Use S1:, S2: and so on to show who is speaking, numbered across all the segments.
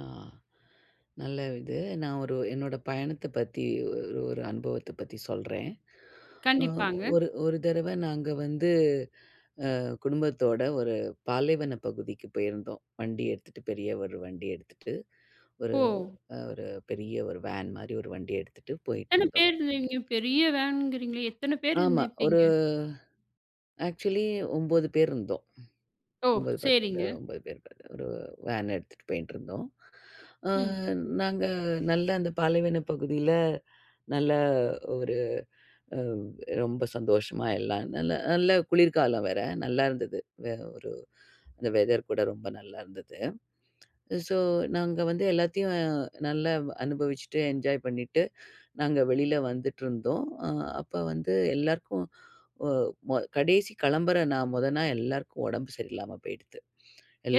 S1: ஆ, நல்ல இது. நான் ஒரு என்னோட பயணத்த பத்தி ஒரு ஒரு அனுபவத்த பத்தி சொல்றேன். அ
S2: கண்டிப்பாங்க.
S1: ஒரு ஒரு தரவை நாங்க வந்து, ஆ குடும்பத்தோட ஒரு பாலைவனப் பகுதிக்கு போயிருந்தோம். வண்டி எடுத்துட்டு பெரிய ஒரு வண்டி எடுத்துட்டு, ஒரு
S2: ஓ!
S1: அ ஒரு பெரிய ஒரு வேன் மாரி ஒரு வண்டிய எடுத்துட்டு
S2: எத்தன
S1: போயிட்டுருந்தோம்.
S2: பேர் இருந்தீங்க? பெரிய வேன்கிறீங்களே! எத்தன பேர்
S1: ஆமா. ஒரு,
S2: இருந்திருப்பீங்க?
S1: ஆக்சுவலி 9 பேர் இருந்தோம்.
S2: ஓ!
S1: 9, 10 அ
S2: சேரிங்க.
S1: 9 பேர் ஒரு வேன் எடுத்துட்டு போயிட்டுருந்தோம். ஆ
S2: ம்.
S1: நாங்க நல்ல அந்த பாலைவனப் பகுதியில நல்ல ஒரு அ ரொம்ப சந்தோஷமா, எல்லாம் நல்ல நல்ல குளிர்காலம் வேற, நல்லாயிருந்தது, வெ ஒரு அந்த வெதர் கூட ரொம்ப நல்லாயிருந்தது. ஸோ, நாங்க வந்து எல்லாத்தையும் நல்லா அனுபவிச்சுட்டு என்ஜாய் பண்ணிட்டு, நாங்க வெளியில் வந்துட்டுருந்தோம். ஆ அப்ப வந்து எல்லோருக்கும், ஓ ப கடைசி கிளம்புற நா முதல நா எல்லாருக்கும் உடம்பு சரியில்லாம போயிடுத்து,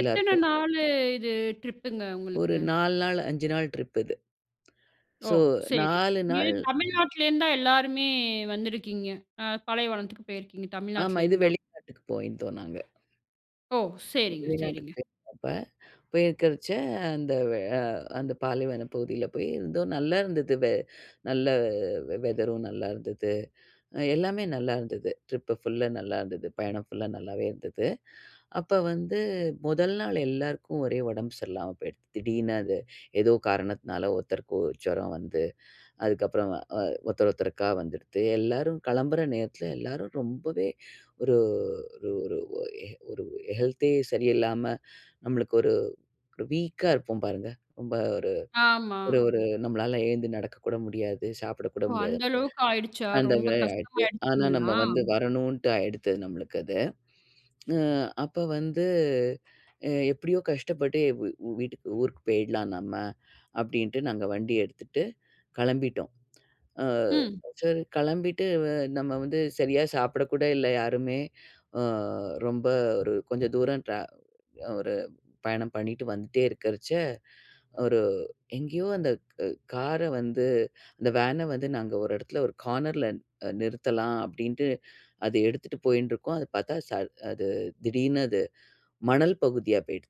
S2: எத்தன நாளு இது ட்ரிப்புங்க
S1: ஒரு
S2: உங்களுக்கு?
S1: 4 நாள், 5 நாள் ட்ரிப் இது.
S2: ஓ!
S1: சோ,
S2: சேரி.
S1: 4
S2: நீங்க
S1: நாள்
S2: தமிழ்நாட்டுலேருந்து தான் எல்லாருமே வந்துருக்கீங்க. அ பாலைவனத்துக்கு போயிருக்கீங்க
S1: ஆமா இது
S2: தமிழ்நாட்டுலேருந்து தான்.
S1: வெளிநாட்டுக்கு போயிருந்தோம் நாங்க.
S2: ஓ! சேரிங்க,
S1: வெளிநாட்டுக்கு
S2: சேரிங்க.
S1: போயிருந்தப்ப, போயிருக்கறச்ச அந்த ஆ அந்த பாலைவனப் பகுதியில போய் இருந்தோம், நல்லா இருந்தது, வெ நல்ல வெதரும் நல்லாயிருந்துது. எல்லாமே நல்லா இருந்தது. ட்ரிப்பு ஃபுல்லா நல்லாயிருந்தது. பயணம் ஃபுல்லா நல்லாவே இருந்தது. அப்போ வந்து 1 நாள் எல்லாருக்கும் ஒரே உடம்பு சரியில்லாம போயிடுத்து, திடீர்னு அது ஏதோ காரணத்தினால ஒருத்தருக்கு ஜுரம் வந்து, அதுக்கப்புறம் அ வ ஒருத்தர் ஒருத்தருக்கா வந்துடுத்து. எல்லாரும் கிளம்புற நேரத்தில எல்லாரும் ரொம்பவே ஒரு ஒரு ஒரு ஒரு ஹெல்த்தே சரியில்லாம, நம்மளுக்கு ஒரு ஒரு வீக்கா இருப்போம் பாருங்க, ரொம்ப ஒரு
S2: ஆமா.
S1: ஒரு ஒரு நம்மளால எழுந்து நடக்க கூட முடியாது, சாப்பிட கூட
S2: ஓ!
S1: முடியாது,
S2: அந்த அளவுக்கு ஆயிடுச்சா?
S1: அந்த
S2: ரொம்ப
S1: மாரி ஆயிடுத்து. ஆனால் நம்ம
S2: கஷ்டமாயிடுச்சிங்களா?
S1: வந்து வரணுன்ட்டு ஆயிடுத்து, நம்மளுக்கு அது. ம் அப்ப வந்து, அ எப்டியோ கஷ்டப்பட்டு வி வீட்டுக்கு ஊருக்கு போயிடலாம் நம்ம, அப்படின்ட்டு நாங்க வண்டி எடுத்துட்டு கிளம்பிட்டோம். ஆ,
S2: ம்.
S1: சரி கிளம்பிட்டு நம்ம வந்து சரியா சாப்பிடக்கூட இல்ல யாருமே, ஆ ரொம்ப ஒரு கொஞ்சம் தூரம் ட்ரா ஒரு பயணம் பண்ணிட்டு வந்துட்டே இருக்கறச்சே, ஒரு எங்கேயோ அந்த காரை வந்து அந்த வேனை வந்து நாங்க ஒரு இடத்துல ஒரு கார்னரில நிறுத்தலாம் அப்படின்ட்டு, அது எடுத்துட்டு போயின்டு இருக்கோம், அத பார்த்தா ச அது திடீர்னு அது மணல் பகுதியா போயிடுத்து.